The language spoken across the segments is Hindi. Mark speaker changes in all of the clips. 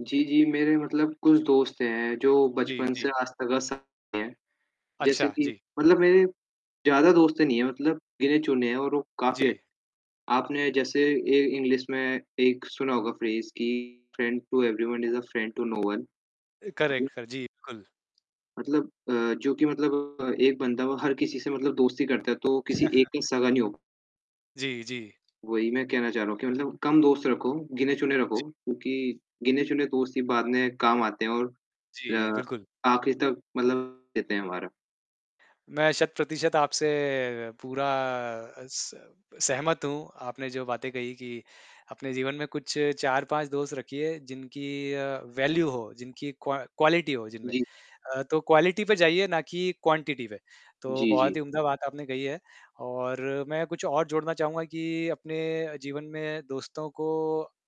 Speaker 1: जी, जी, मेरे कुछ दोस्त हैं जो
Speaker 2: जी,
Speaker 1: बचपन से
Speaker 2: जी।
Speaker 1: आज तक साथ में हैं। जैसे
Speaker 2: अच्छा,
Speaker 1: कि
Speaker 2: जी।
Speaker 1: मतलब मेरे ज़्यादा दोस्त नहीं हैं, मतलब गिने-चुने हैं और वो काफ़ी अच्छे
Speaker 2: जी।
Speaker 1: हैं। आपने जैसे ए इंग्लिश में एक सुना होगा फ्रेज़ कि "friend to everyone is a friend to no one" हाँ जी।
Speaker 2: करेक्ट सर, जी बिल्कुल।
Speaker 1: मतलब अ, जो कि मतलब अ, एक बंदा हर किसी से दोस्ती करता तो वो किसी एक से सगा नहीं होगा।
Speaker 2: जी, जी।
Speaker 1: वही मैं कहना चाह रहा हूँ कि कम दोस्त रखो, गिने-चुने रखो,
Speaker 2: जी।
Speaker 1: क्योंकि गिने-चुने दोस्त ही बाद में काम आते हैं और
Speaker 2: जी,
Speaker 1: अ,
Speaker 2: बिल्कुल।
Speaker 1: आखिर तक मतलब साथ देते हैं हमारा।
Speaker 2: मैं शत-प्रतिशत आपसे पूरा स सहमत हूँ। आपने जो बातें कही कि अपने जीवन में कुछ 4-5 दोस्त रखिए जिनकी वैल्यू हो, जिनकी क्व क्वालिटी हो जिनमें।
Speaker 1: जी।
Speaker 2: अ, तो क्वालिटी पे जाइए ना कि क्वांटिटी पे। तो
Speaker 1: जी, जी।
Speaker 2: बहुत ही उम्दा बात आपने कही है और मैं कुछ और जोड़ना चाहूँगा कि अपने जीवन में दोस्तों को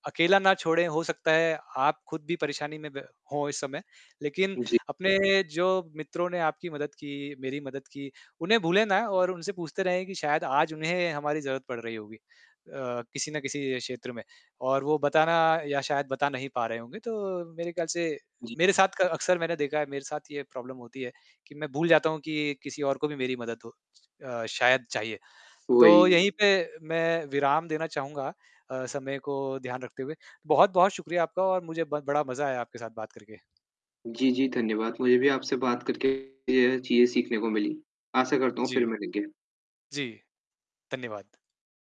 Speaker 2: अकेला ना छोड़ें। हो सकता है आप खुद भी परेशानी में ब हो इस समय। लेकिन
Speaker 1: जी।
Speaker 2: अपने जो मित्रों ने आपकी मदद की, मेरी मदद की, उन्हें भूले ना और उनसे पूछते रहें कि शायद आज उन्हें हमारी ज़रूरत पड़ रही होगी अ, किसी ना किसी क्षेत्र में और वो बताना या शायद बता नहीं पा रहे होंगे। तो मेरे ख्याल से
Speaker 1: जी।
Speaker 2: मेरे साथ क अक्सर मैंने देखा है, मेरे साथ यह प्रॉब्लम होती है कि मैं भूल जाता हूँ कि किसी और को भी मेरी मदद हो अ, शायद चाहिए। तो यहीं
Speaker 1: वही।
Speaker 2: पे मैं विराम देना चाहूँगा अ, समय को ध्यान रखते हुए। बहुत-बहुत शुक्रिया आपका और मुझे ब बड़ा मजा आया आपके साथ बात करके।
Speaker 1: जी, जी धन्यवाद। मुझे भी आपसे बात करके ये है चीज़ें सीखने को मिली। आशा करता हूँ फिर
Speaker 2: जी।
Speaker 1: मिलेंगे।
Speaker 2: जी, धन्यवाद।